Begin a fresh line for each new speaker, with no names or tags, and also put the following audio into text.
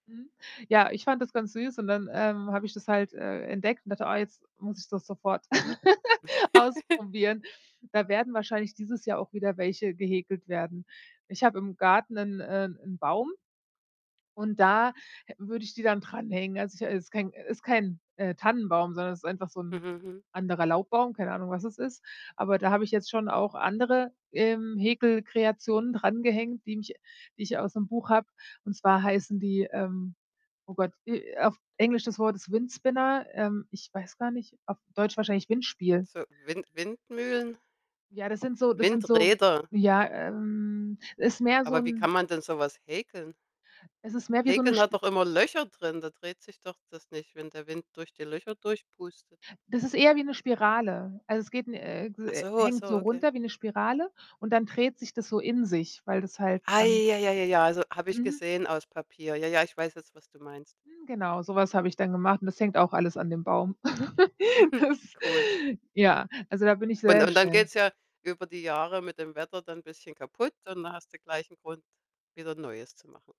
Mhm. Ja, ich fand das ganz süß und dann, ähm, habe ich das halt, äh, entdeckt und dachte: „Ah, jetzt muss ich das sofort ausprobieren.“ Da werden wahrscheinlich dieses Jahr auch wieder welche gehäkelt werden. Ich habe im Garten 'nen äh, 'n Baum und da hä würde ich die dann dranhängen. Also, ich es ist kein äh, ist kein, äh, Tannenbaum, sondern es ist einfach so
Mhm.
'n
Mhm.
anderer Laubbaum, keine Ahnung, was es ist. Aber da habe ich jetzt schon auch andere, ähm, Häkelkreationen drangehängt, die mich die ich aus 'nem Buch habe, und zwar heißen die ähm, oh Gott, äh, auf Englisch das Wort ist Windspinner, ähm, ich weiß gar nicht, auf Deutsch wahrscheinlich Windspiel.
So Wind Windmühlen
Ja, das sind so das sind so
Windräder.
ja, ähm, es ist mehr so
Aber wie
'n
kann man denn so was häkeln?
Es ist mehr wie so 'ne
Häkeln hat
Sp
doch immer Löcher drin? Da dreht sich doch das nicht, wenn der Wind durch die Löcher durchpustet.
Das ist eher wie 'ne Spirale. Also, es geht n äh, ges
Ach
äh,
so, ach
hängt
so,
so
okay.
runter wie 'ne Spirale und dann dreht sich das so in sich, weil das halt
Ah
dann
ja, ja, ja, ja, also, habe ich
Mhm.
gesehen, aus Papier. Ja, ja, ich weiß jetzt, was du meinst.
Hm, genau, sowas habe ich dann gemacht und das hängt auch alles an dem Baum. Das
Cool.
ja, also da bin ich
Und
sehr
und dann
schnell.
geht's ja über die Jahre mit dem Wetter dann 'n bisschen kaputt und dann hast du gleich 'n Grund, wieder 'n neues zu machen.